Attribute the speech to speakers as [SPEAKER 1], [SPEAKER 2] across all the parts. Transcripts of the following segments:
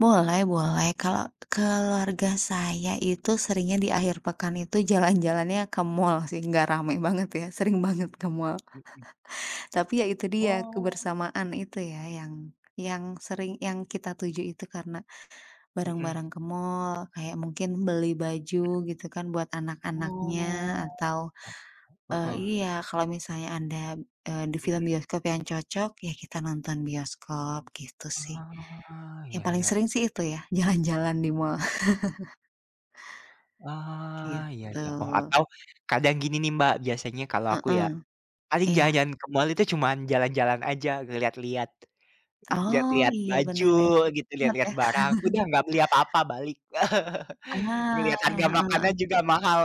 [SPEAKER 1] Boleh boleh. Kalau keluarga saya itu seringnya di akhir pekan itu jalan-jalannya ke mall sih, nggak rame banget ya. Sering banget ke mall.
[SPEAKER 2] Mmm.
[SPEAKER 1] Tapi ya itu dia
[SPEAKER 2] Oh.
[SPEAKER 1] kebersamaan itu ya yang yang sering yang kita tuju itu karena
[SPEAKER 2] Hmm.
[SPEAKER 1] bareng-bareng ke mall kayak mungkin beli
[SPEAKER 2] Iya.
[SPEAKER 1] baju gitu kan buat anak-anaknya
[SPEAKER 2] Oh,
[SPEAKER 1] atau,
[SPEAKER 2] [unintelligible]
[SPEAKER 1] eee,
[SPEAKER 2] heeh.
[SPEAKER 1] iya kalau misalnya ada, eee, di film
[SPEAKER 2] Hmm.
[SPEAKER 1] bioskop yang cocok ya kita nonton bioskop, gitu sih.
[SPEAKER 2] Ah,
[SPEAKER 1] Yang
[SPEAKER 2] iya
[SPEAKER 1] paling
[SPEAKER 2] iya.
[SPEAKER 1] sering sih itu ya, jalan-jalan di mall.
[SPEAKER 2] Ah, iya
[SPEAKER 1] Gitu.
[SPEAKER 2] iya. Oh, atau kadang gini nih, Mbak, biasanya kalau aku ya,
[SPEAKER 1] Heeh.
[SPEAKER 2] paling
[SPEAKER 1] Iya.
[SPEAKER 2] jalan-jalan ke mall itu cuman jalan-jalan aja, lihat-lihat.
[SPEAKER 1] Oh,
[SPEAKER 2] Lihat-lihat
[SPEAKER 1] iya
[SPEAKER 2] baju
[SPEAKER 1] bener ya. Jadi
[SPEAKER 2] gitu,
[SPEAKER 1] hemat ya.
[SPEAKER 2] lihat-lihat barang, udah nggak beli apa-apa, balik.
[SPEAKER 1] Ah,
[SPEAKER 2] Ngelihat harga
[SPEAKER 1] heeh
[SPEAKER 2] makanan
[SPEAKER 1] heeh.
[SPEAKER 2] juga mahal.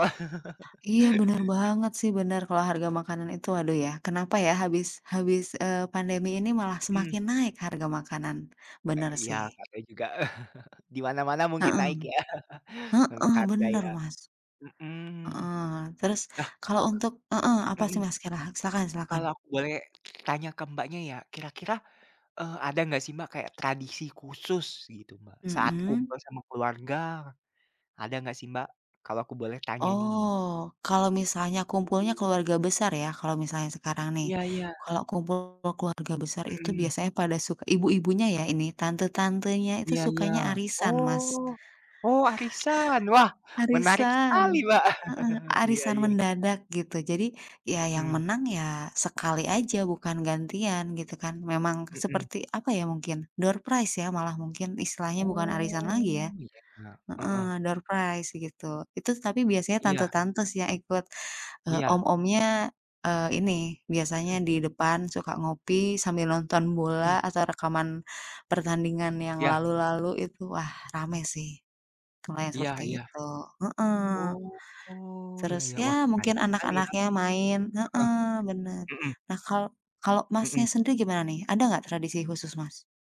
[SPEAKER 1] Iya bener banget sih, bener. Kalau harga makanan itu aduh ya, kenapa ya habis habis, eee, pandemi ini malah
[SPEAKER 2] Hmm.
[SPEAKER 1] semakin naik harga makanan. Bener
[SPEAKER 2] Eee, iya,
[SPEAKER 1] sih.
[SPEAKER 2] nggak tau juga. Di mana-mana mungkin
[SPEAKER 1] Heeh.
[SPEAKER 2] naik ya, untuk
[SPEAKER 1] Heeh,
[SPEAKER 2] harga
[SPEAKER 1] bener,
[SPEAKER 2] ya.
[SPEAKER 1] Mas.
[SPEAKER 2] Hmm.
[SPEAKER 1] Heeh. Terus
[SPEAKER 2] Ah.
[SPEAKER 1] kalau untuk heeh, apa sih,
[SPEAKER 2] Mmm.
[SPEAKER 1] Mas, kira silahkan silahkan.
[SPEAKER 2] Kalau boleh tanya ke Mbaknya ya, kira-kira, eee, ada enggak sih, Mbak, kayak tradisi khusus gitu, Mbak, saat
[SPEAKER 1] Mmm.
[SPEAKER 2] kumpul sama keluarga, ada enggak sih Mbak? Kalau aku boleh tanya nih.
[SPEAKER 1] Oh, kalau misalnya kumpulnya keluarga besar ya, kalau misalnya sekarang nih.
[SPEAKER 2] Iya iya.
[SPEAKER 1] Kalau kumpul keluarga besar itu
[SPEAKER 2] Mmm.
[SPEAKER 1] biasanya pada suk ibu-ibunya ya ini tante-tantenya itu
[SPEAKER 2] Iya iya.
[SPEAKER 1] sukanya arisan, Mas.
[SPEAKER 2] Oh. Oh, arisan. Wah, menarik sekali,
[SPEAKER 1] Arisan.
[SPEAKER 2] Mbak.
[SPEAKER 1] Heeh,
[SPEAKER 2] Iya
[SPEAKER 1] arisan
[SPEAKER 2] iya.
[SPEAKER 1] mendadak gitu. Jadi ya yang
[SPEAKER 2] Mhm.
[SPEAKER 1] menang ya sekali aja bukan gantian gitu kan. Memang
[SPEAKER 2] Mhm.
[SPEAKER 1] seperti apa ya, mungkin doorprize ya malah mungkin istilahnya bukan arisan lagi ya.
[SPEAKER 2] Oh, iya. Heeh.
[SPEAKER 1] Heeh, doorprize begitu. Itu tapi biasanya
[SPEAKER 2] Iya.
[SPEAKER 1] tante-tante sih yang ikut. Eee,
[SPEAKER 2] Iya.
[SPEAKER 1] om-omnya, eee, ini biasanya
[SPEAKER 2] Hmm.
[SPEAKER 1] di depan suka ngopi sambil nonton
[SPEAKER 2] Mhm.
[SPEAKER 1] bola atau rekaman pertandingan yang
[SPEAKER 2] Iya.
[SPEAKER 1] lalu-lalu, itu wah rame sih, kalau
[SPEAKER 2] Iya
[SPEAKER 1] seperti
[SPEAKER 2] iya.
[SPEAKER 1] itu. Heeh.
[SPEAKER 2] Oh, iya
[SPEAKER 1] Terus,
[SPEAKER 2] iya. Wah,
[SPEAKER 1] ya
[SPEAKER 2] menarik
[SPEAKER 1] mungkin
[SPEAKER 2] sekali ya.
[SPEAKER 1] anak-anaknya main.
[SPEAKER 2] Heeh.
[SPEAKER 1] Heeh, benar.
[SPEAKER 2] Hmm.
[SPEAKER 1] Nah kalau kalau Masnya
[SPEAKER 2] Mmm.
[SPEAKER 1] sendiri gimana nih ada nggak tradisi khusus, Mas?